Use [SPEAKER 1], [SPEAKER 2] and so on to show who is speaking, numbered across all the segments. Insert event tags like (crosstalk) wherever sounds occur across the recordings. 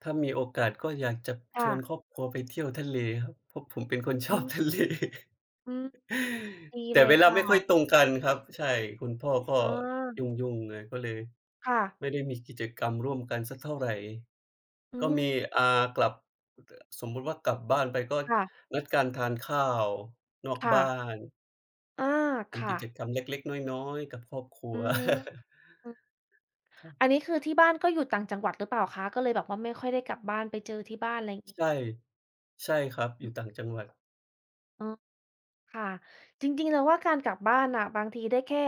[SPEAKER 1] ถ้ามีโอกาสก็อยากจะ
[SPEAKER 2] ค่
[SPEAKER 1] ชวน
[SPEAKER 2] ะ
[SPEAKER 1] ครอบครัวไปเที่ยวทะเลครับ เพราะผมเป็นคนช
[SPEAKER 2] อื
[SPEAKER 1] อบ
[SPEAKER 2] ม
[SPEAKER 1] ทะเล
[SPEAKER 2] อืม ดี
[SPEAKER 1] แต
[SPEAKER 2] เ
[SPEAKER 1] ่
[SPEAKER 2] ลย
[SPEAKER 1] เวล
[SPEAKER 2] ค
[SPEAKER 1] า
[SPEAKER 2] ่
[SPEAKER 1] ไม่ค่อย
[SPEAKER 2] ะ
[SPEAKER 1] ตรงกันครับ ใช่ คุณพ่อก็
[SPEAKER 2] อ๋อ
[SPEAKER 1] ยุ่ง ๆ ไง ก็เลย
[SPEAKER 2] ค่ะ
[SPEAKER 1] ไม่ได้มีกิจกรรมร่วมกันสักเท่าไร
[SPEAKER 2] อื
[SPEAKER 1] ก็ม
[SPEAKER 2] ม
[SPEAKER 1] ี อ่า กลับ แต่ สมมุติว่ากลับบ้านไป ก็
[SPEAKER 2] ค่ะ
[SPEAKER 1] นัดกันทานข้าวนอก
[SPEAKER 2] ค่
[SPEAKER 1] บ้า
[SPEAKER 2] ะ
[SPEAKER 1] น
[SPEAKER 2] อา ค
[SPEAKER 1] ท
[SPEAKER 2] ่
[SPEAKER 1] ำกิ
[SPEAKER 2] ะ
[SPEAKER 1] จกรรมเล็ก ๆ น้อย ๆ กับครอบครั
[SPEAKER 2] อื
[SPEAKER 1] ว
[SPEAKER 2] อฮึ
[SPEAKER 1] (laughs)
[SPEAKER 2] อือ
[SPEAKER 1] ครับ
[SPEAKER 2] อันนี้คือที่บ้านก็อยู่ต่างจังหวัดหรือเปล่าคะ? ก็เลยแบบว่าไม่ค่อยได้กลับบ้านไปเจอที่บ้าน ไรงี
[SPEAKER 1] ใ
[SPEAKER 2] ้
[SPEAKER 1] ช่ ใช่ครับ อยู่ต่างจังหวัด
[SPEAKER 2] อ๋อ ค่ะ จริง ๆ เราว่าการกลับบ้านน่ะ บางทีได้แค่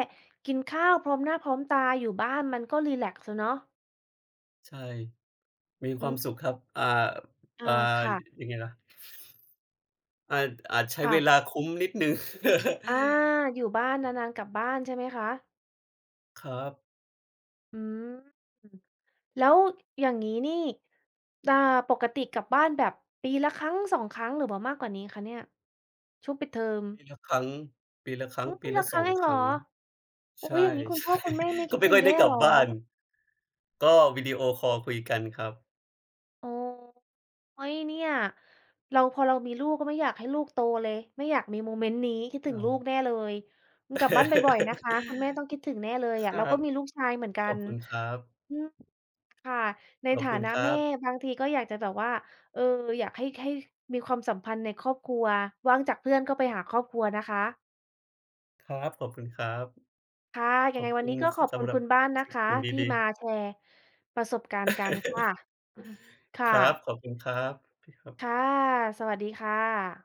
[SPEAKER 2] กินข้าวพร้อมหน้าพร้อมตา อยู่บ้านมันก็รีแลกซ์ แล้วเนาะ
[SPEAKER 1] ใช่ มี
[SPEAKER 2] อ
[SPEAKER 1] ค
[SPEAKER 2] ื
[SPEAKER 1] วา
[SPEAKER 2] ม
[SPEAKER 1] มสุขครับ อ่า
[SPEAKER 2] อา
[SPEAKER 1] อ่า
[SPEAKER 2] ค่ะ
[SPEAKER 1] ยังไงล่ะ อาจ อาจใช้
[SPEAKER 2] ค่
[SPEAKER 1] เว
[SPEAKER 2] ะ
[SPEAKER 1] ลาคุ้มนิดหนึ่ง ค (laughs)
[SPEAKER 2] อา อยู่บ้าน นาน ๆ กลับบ้าน ใช่ไหมคะ?
[SPEAKER 1] ครับ
[SPEAKER 2] อืม แล้วอย่างงี้นี่ อ่า ปกติกลับบ้านแบบปีละครั้ง 2 ครั้ง หรือว่ามากกว่านี้คะเนี่ย? ช่วงปิดเทอม
[SPEAKER 1] ปีละครั้ง ปีละครั
[SPEAKER 2] โ
[SPEAKER 1] ้
[SPEAKER 2] อ
[SPEAKER 1] ง
[SPEAKER 2] ้
[SPEAKER 1] ป
[SPEAKER 2] ป
[SPEAKER 1] ี
[SPEAKER 2] ี
[SPEAKER 1] ล
[SPEAKER 2] ล
[SPEAKER 1] ะ
[SPEAKER 2] ะค
[SPEAKER 1] ส
[SPEAKER 2] รั้
[SPEAKER 1] อ
[SPEAKER 2] งเ
[SPEAKER 1] ง
[SPEAKER 2] องเ
[SPEAKER 1] ค
[SPEAKER 2] หร
[SPEAKER 1] ร
[SPEAKER 2] อ?
[SPEAKER 1] ั้ง
[SPEAKER 2] โอ้!
[SPEAKER 1] ใช
[SPEAKER 2] อย
[SPEAKER 1] ่
[SPEAKER 2] ่างงี้ คุณ
[SPEAKER 1] ใช
[SPEAKER 2] พ่อ
[SPEAKER 1] ่
[SPEAKER 2] คุณแม่ไม่ค
[SPEAKER 1] ก็
[SPEAKER 2] ิด
[SPEAKER 1] ไม่
[SPEAKER 2] ถึ
[SPEAKER 1] ค
[SPEAKER 2] ง
[SPEAKER 1] ่อย
[SPEAKER 2] แ
[SPEAKER 1] ไ
[SPEAKER 2] ย
[SPEAKER 1] ด้
[SPEAKER 2] ่
[SPEAKER 1] กลั
[SPEAKER 2] เห
[SPEAKER 1] บ
[SPEAKER 2] รอ?
[SPEAKER 1] บ้าน ก็วิดีโอคอลคุยกันครับ
[SPEAKER 2] อ๋อ เฮ้ย! เนี่ย เรา พอเรา มีลูก ก็ไม่อยากให้ลูก โตเลย ไม่อยากมีโมเมนต์นี้ คิดถึ
[SPEAKER 1] อ
[SPEAKER 2] ง
[SPEAKER 1] า
[SPEAKER 2] ลูกแน่เลย อืม กลับบ้านบ่อย ๆ นะค
[SPEAKER 1] (laughs)
[SPEAKER 2] ะ คุณแม่ต้องคิดถึงแน่เลย
[SPEAKER 1] ค
[SPEAKER 2] อะ
[SPEAKER 1] ร
[SPEAKER 2] เร
[SPEAKER 1] ั
[SPEAKER 2] าก็
[SPEAKER 1] บ
[SPEAKER 2] มีลูกชายเหมือนกั
[SPEAKER 1] ขอบ
[SPEAKER 2] น
[SPEAKER 1] คุณครับ
[SPEAKER 2] อืม ค่ะ ใน
[SPEAKER 1] ขอ
[SPEAKER 2] ฐ
[SPEAKER 1] บ
[SPEAKER 2] า
[SPEAKER 1] คุณ
[SPEAKER 2] นะ
[SPEAKER 1] ครั
[SPEAKER 2] แม่
[SPEAKER 1] บ
[SPEAKER 2] บางทีก็อยากจะแบบว่า เออ อยากให้ ให้มีความสัมพันธ์ในครอบครัว ว่างจากเพื่อน ก็ไปหาครอบครัวนะคะ
[SPEAKER 1] ครับ ขอบคุณครับ
[SPEAKER 2] ค่ะ ย
[SPEAKER 1] ข
[SPEAKER 2] ัง
[SPEAKER 1] อ
[SPEAKER 2] ไง
[SPEAKER 1] บ
[SPEAKER 2] ว
[SPEAKER 1] ค
[SPEAKER 2] ัน
[SPEAKER 1] ุ
[SPEAKER 2] น
[SPEAKER 1] ณ
[SPEAKER 2] ี้ก็
[SPEAKER 1] ส
[SPEAKER 2] ขอบ
[SPEAKER 1] ส
[SPEAKER 2] คุ
[SPEAKER 1] ำ
[SPEAKER 2] ณ
[SPEAKER 1] หรั
[SPEAKER 2] ค
[SPEAKER 1] บ
[SPEAKER 2] ุณบ้านน
[SPEAKER 1] ส ส
[SPEAKER 2] ะ
[SPEAKER 1] ิ่
[SPEAKER 2] ค
[SPEAKER 1] ง
[SPEAKER 2] ะ
[SPEAKER 1] สิ่งด
[SPEAKER 2] ที่
[SPEAKER 1] ี
[SPEAKER 2] มา
[SPEAKER 1] ๆ
[SPEAKER 2] แชร์ ประสบการณ์กัน ค่ะ
[SPEAKER 1] (laughs)
[SPEAKER 2] (chuckles) ค่
[SPEAKER 1] ครับ
[SPEAKER 2] ะ
[SPEAKER 1] ขอบคุณครับ โอเคครับ
[SPEAKER 2] ค่ะ สวัสดีค่ะ